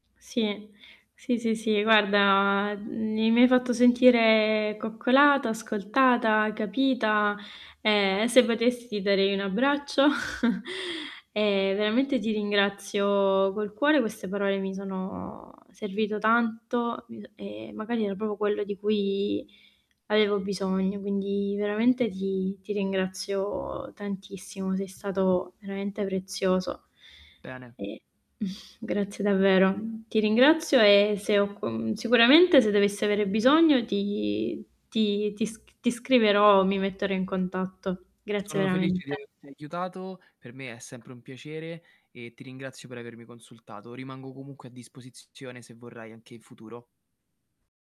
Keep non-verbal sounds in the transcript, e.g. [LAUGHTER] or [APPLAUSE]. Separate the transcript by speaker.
Speaker 1: Sì, sì, sì, sì, guarda mi mi hai fatto sentire coccolata, ascoltata, capita e se potessi darei un abbraccio [CHUCKLES] e veramente ti ringrazio col cuore, queste parole mi sono servito tanto, mhmm, e magari era proprio quello di cui avevo bisogno, quindi veramente ti ti ringrazio tantissimo, sei stato veramente prezioso
Speaker 2: Bene.
Speaker 1: e [CHUCKLES] grazie davvero. Mhmm, ti ringrazio e se ho co sicuramente se dovessi avere bisogno ti ti ti sc ti scriverò, mi metterò in contatto. Grazie
Speaker 2: Sono felice di
Speaker 1: veramente.
Speaker 2: averti aiutato, per me è sempre un piacere e ti ringrazio per avermi consultato. Rimango comunque a disposizione, se vorrai anche in futuro.